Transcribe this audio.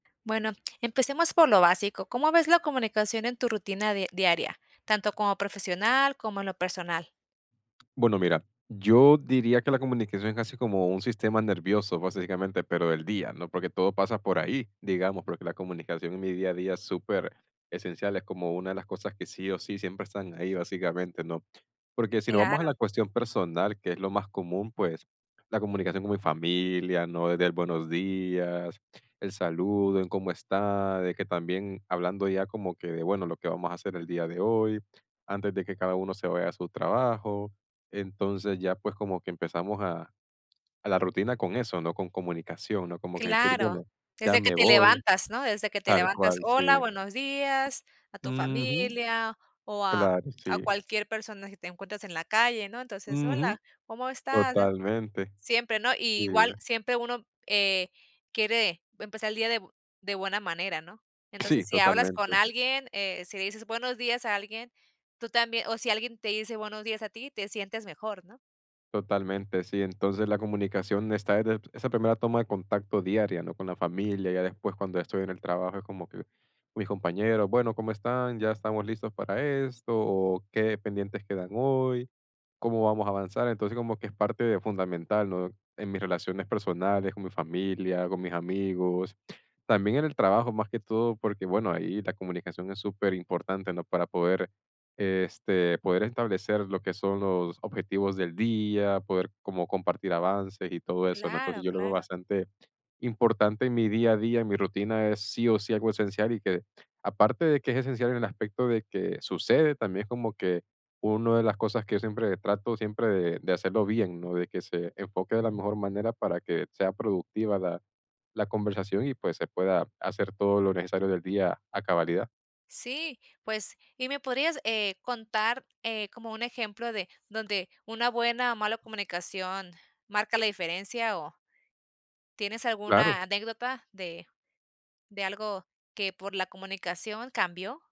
Bueno, empecemos por lo básico. ¿Cómo ves la comunicación en tu rutina di diaria, tanto como profesional como en lo personal? Bueno, mira, yo diría que la comunicación es casi como un sistema nervioso, básicamente, pero del día, ¿no? Porque todo pasa por ahí, digamos, porque la comunicación en mi día a día es superesencial, es como una de las cosas que sí o sí siempre están ahí básicamente, ¿no? Porque si nos vamos a Claro. la cuestión personal, que es lo más común, pues, la comunicación con mi familia, ¿no?, del buenos días, el saludo, el, cómo está, de que también hablando ya como que de bueno, lo que vamos a hacer el día de hoy antes de que cada uno se vaya a su trabajo. Entonces, ya pues como que empezamos a a la rutina con eso, ¿no?, con comunicación, ¿no? Como que decir Claro. bueno, ya Desde que me te voy. levantas, ¿no?, desde que te Tal levantas: cual, "Hola, sí. buenos días", a tu Ujú. familia, o a Claro, a sí. cualquier persona que te encuentres en la calle, ¿no? Entonces: Ujú. "Hola, ¿cómo estás?" Totalmente. Siempre, ¿no?, y igual, Sí. siempre uno, eh, quiere empezar el día de bu de buena manera, ¿no? Sí, Entonces, si hablas con totalmente. alguien, eh, si le dices buenos días a alguien, tú también o si alguien te dice buenos días a ti, te sientes mejor, ¿no? Totalmente, sí. Entonces, la comunicación está desde esa primera toma de contacto diaria, ¿no?, con la familia. Ya después cuando estoy en el trabajo es como que, mis compañeros, bueno, cómo están, ya estamos listos para esto, o qué pendientes quedan hoy, cómo vamos a avanzar. Entonces, como que es parte fundamental, ¿no?, en mis relaciones personales, con mi familia, con mis amigos, también en el trabajo más que todo, porque, bueno, ahí la comunicación es superimportante, ¿no?, para poder, este, poder establecer lo que son los objetivos del día, poder como compartir avances y todo eso, ¿no? Claro, Entonces, yo lo veo claro. bastante importante en mi día a día, en mi rutina es sí o sí algo esencial, y que aparte de que es esencial en el aspecto de que sucede, también es como que uno de las cosas que yo siempre trato siempre de de hacerlo bien, ¿no?, de que se enfoque de la mejor manera para que sea productiva la la conversación y, pues, se pueda hacer todo lo necesario del día a cabalidad. Sí, pues, ¿y me podrías, eh, contar, eh, como un ejemplo de donde una buena o mala comunicación marca la diferencia o? ¿tienes Claro. alguna anécdota de de algo que por la comunicación cambió?